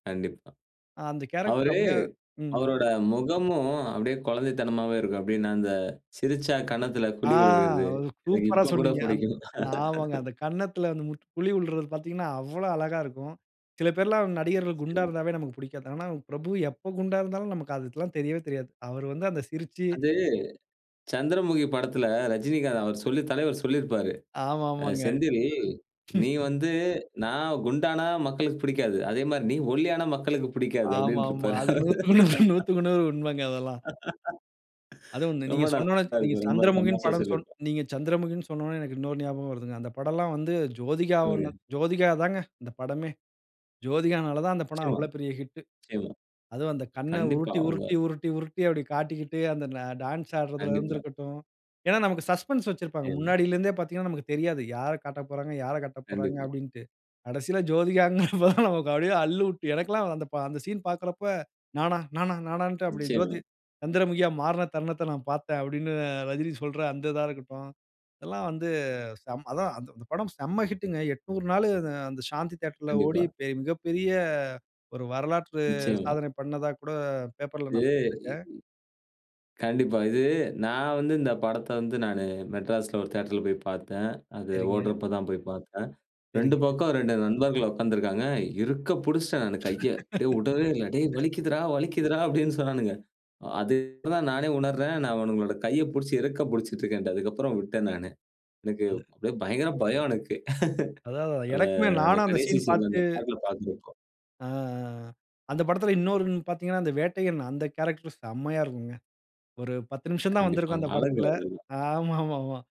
கண்டிப்பா. அ அந்த கேரக்டர் அவரு அப்டியே, ம். அவரோட முகமும் அப்டியே குழந்தைத்தனமாவே இருக்கும். அப்படின்னா அந்த சிரிச்சா கன்னத்துல ஆ குழி விழுகுறது. எனக்கு சூப்பரா இப்போ கூட சொன்னீங்க. அந் பிடிக்கும். ஆமாங்க. அந்த கன்னத்ல வந்துட்டு குழி விழ்றது பாத்தீங்கன்னா, அவ்ளோ அழகாருக்கும். சில பேர்ல்லாம் நடிகர்கள் குண்டா நிச்சயமா. இருந்தாவே நமக்கு புடிக்காது. ஆனா பிரபு எப்போ குண்டாருந்தாலும், நமக்கு அதெபத்தில்லாம் தெரியவே தெரியாது. அவர் வந்து அந்த சிரிச்சு அது, சந்திரமுகி படத்துல ரஜினிகாந்த் அவர் சொல்லி, தலைவர் சொல்லிருப்பாரு. ஆமா அ ஆமாங்க. "செந்தில், நீ வந்து, நான் குண்டானா மக்களுக்கு பிடிக்காது. அதே மாரி நீ ஒல்லியான மக்களுக்கு பிடிக்காது" ஆமாமா. அப்டின்றுப்பாரு. அது 100க்கு 100 100க்கு 100 உண்மங்க அதெல்லாம். அதுவும் வந்து ரொம்ப நீங்க சொன்ன உடனே நல்லா நீங்க இருக்கும். ரொம்ப சந்திரமுகின் தமாஷா படம் சொன் சொல்லிருப்பாரு. நீங்க சந்திரமுகின்னு சொன்ன உடனே எனக்கு இன்னொரு ஞாபகம் வருதுங்க. அந்த படம்ல்லாம் வந்து ஜோதிகா 1, சொல்லுங்க. ஜோதிகா தாங்க அந்த படமே. ஜோதிகானால தான் அந்த படம் நிச்சயமா, அவ்ளோ பெரிய ஹிட்டு. நிச்சயமா. அதுவும் அந்த கண்ண கண்டிப்பா, உருட்டி, அவுங்க உருட்டி, உருட்டி, உருட்டி அப்டி காட்டிக்கிட்டு, அந்த டான்ஸ் ஆடுறதுலருந்து கண்டிப்பா. இருக்கட்டும். ஏன்னா நமக்கு சஸ்பென்ஸ் வச்சிருப்பாங்க. நி்ச்சயமா. முன்னாடில இருந்தே பாத்தீங்கன்னா நமக்கு தெரியாது, யாரக் காட்டப்போறாங்க, யாரக் காட்டப்போறாங்க கண்டிப்பா. அப்டீன்ட்டு. கடைசில ஜோதிகான்ங்கிறப்போ தான் நமக்கு அப்டியே அல்லுவிட்டு எனக்கெல்லாம் அந்த பா அந்த சீன் பாக்குறப்ப, "நானா, நானா, நானான்ட்டு" அப்டி நிச்சயமா. ஜோதி "சந்திரமுகியா மாறின தருணத்தை நான் பாத்தேன்" அப்டின்னு ரஜினி சொல்ற அந்த இதா இருக்கட்டும். இதெல்லாம் வந்து செம் அதான் அந்த படம் செம்ம ஹிட்டுங்க. 800 நாளு அந்த சாந்தி தியேட்டர்ல ஓடி கண்டிப்பா. பெ மிகப்பெரிய ஒரு வரலாற்று நிச்சயமா. சாதனை பண்ணதா கூட பேப்பர்ல இது, நான் இ படிச்சிருக்கேன். கண்டிப்பா. இது நான் வந்து இந்த படத்த வந்து நானு மெட்ராஸ்ல ஒரு தியேட்டர்ல போய் பாத்தேன். அது சரிங்க. ஓடுறப்போ தான் போய் பாத்தேன். 2 சரிங்க. பக்கம் 2 நண்பர்கள் உக்காந்திருக்காங்க. இருக்க புடிச்ட்டேன் நானு கைய, அப்டியே உடவே இல்ல. "டேய் வலிக்குதுறா, வலிக்குதுறா" அப்டின்னு சொன்னானுங்க. அது இப்ப தான் நானே உணர்றேன். நான் அவனுங்களோட கைய புடிச்சு இறுக்கப் புடிச்சிட்டருக்கேன்ட்டு. அதுக்கப்புறம் உட்டடேன் நானு. எனக்கு அது. அப்டியே பயங்கர பயம் எனக்கு. அதான், அதான்! அந்த, எனக்குமே அந்த நானும் அந்த கடைசி சீன் சீன்ல பாத்துட்டு அந்த பாட்ல பாக்குறப்போ. ஆ. ஆ ஆ ஆ. அந்த படத்தில இன்னொரு விண் பாத்தீங்கன்னா அந்த வேட்டையன் அந்த கேரக்டர் செம்மையா இருக்குங்க. ஒரு 10 நிமிஷம் தான் வந்திருக்கும் கண்டிப்பாங்க. அந்த அழகு படத்தில அதெல்லாம். ஆமாமாமா.